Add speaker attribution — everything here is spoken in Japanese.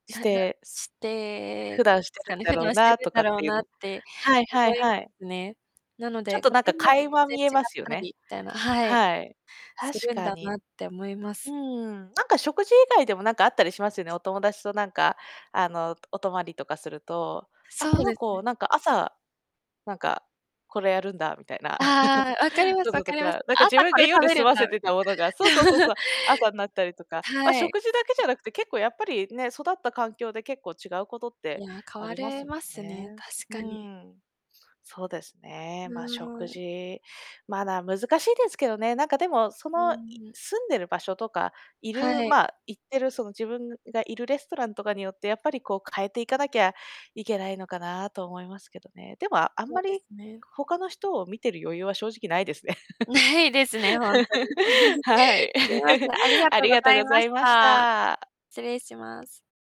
Speaker 1: し
Speaker 2: なな
Speaker 1: て
Speaker 2: し
Speaker 1: す
Speaker 2: て
Speaker 1: 普段して
Speaker 2: すか
Speaker 1: るん
Speaker 2: ね、
Speaker 1: だ
Speaker 2: 普
Speaker 1: ろ
Speaker 2: 段
Speaker 1: う
Speaker 2: して
Speaker 1: な
Speaker 2: る
Speaker 1: と
Speaker 2: んだ
Speaker 1: かっ
Speaker 2: ろう
Speaker 1: ていう
Speaker 2: なっ
Speaker 1: の。
Speaker 2: て
Speaker 1: はいは
Speaker 2: 思
Speaker 1: い
Speaker 2: いま
Speaker 1: はい。
Speaker 2: すね。なの
Speaker 1: ちょっ
Speaker 2: で、家
Speaker 1: となんか
Speaker 2: 庭によって
Speaker 1: 垣間
Speaker 2: 全然
Speaker 1: 見えま
Speaker 2: 違っ
Speaker 1: すよ
Speaker 2: たり
Speaker 1: ね。
Speaker 2: みたいな、はい。
Speaker 1: はい。
Speaker 2: す
Speaker 1: 確
Speaker 2: るん
Speaker 1: か
Speaker 2: だ
Speaker 1: に。
Speaker 2: なって思いま
Speaker 1: うー
Speaker 2: す。
Speaker 1: ん、なんか食事以外でも、なんかあったりしますよね。お友達となんかあの、お泊りとかすると、あ、
Speaker 2: そ
Speaker 1: こ
Speaker 2: う
Speaker 1: の
Speaker 2: ですね。
Speaker 1: 子なんか朝、なんか、これやるんだみたいな
Speaker 2: ああ、分かり ます
Speaker 1: こ
Speaker 2: 分
Speaker 1: とと
Speaker 2: かります。
Speaker 1: か、なんか
Speaker 2: 朝
Speaker 1: 自分
Speaker 2: こ
Speaker 1: が
Speaker 2: れ食
Speaker 1: 夜
Speaker 2: べ
Speaker 1: 済
Speaker 2: るん
Speaker 1: ま
Speaker 2: だ
Speaker 1: せて
Speaker 2: み
Speaker 1: たものがそうそう
Speaker 2: た
Speaker 1: そうそ
Speaker 2: い
Speaker 1: う、朝になったりとか。ま、
Speaker 2: はい。
Speaker 1: 食事だけじゃなくて、結構やっぱりね、育った環境で結構違うことっ
Speaker 2: い
Speaker 1: て、
Speaker 2: や、変
Speaker 1: あ
Speaker 2: わ
Speaker 1: ります
Speaker 2: れ
Speaker 1: も
Speaker 2: ま
Speaker 1: ん
Speaker 2: すね、
Speaker 1: ね。
Speaker 2: 確
Speaker 1: うー
Speaker 2: かに。
Speaker 1: ん。そうです
Speaker 2: う
Speaker 1: ね、ま、食
Speaker 2: ーん。
Speaker 1: 事。まだ難しいですけどね、なんかでも、そ
Speaker 2: う
Speaker 1: の、い
Speaker 2: ーん。
Speaker 1: 住んでる場所とか、いる
Speaker 2: はい。
Speaker 1: ま、行ってるその自分がいるレストランとかによって、やっぱりこう変えていかなきゃいけないのかなと、思いますけどね。でもあん
Speaker 2: そ
Speaker 1: ま
Speaker 2: うで
Speaker 1: り、
Speaker 2: すね。
Speaker 1: 他の人を見てる余裕は正直ないですね。
Speaker 2: ないですね、ほんとに。
Speaker 1: は い。
Speaker 2: すいません、ありが
Speaker 1: あ
Speaker 2: とう
Speaker 1: り
Speaker 2: ご
Speaker 1: がとう
Speaker 2: ざい
Speaker 1: ござ
Speaker 2: まし
Speaker 1: いまし
Speaker 2: た。
Speaker 1: た。
Speaker 2: 失礼します。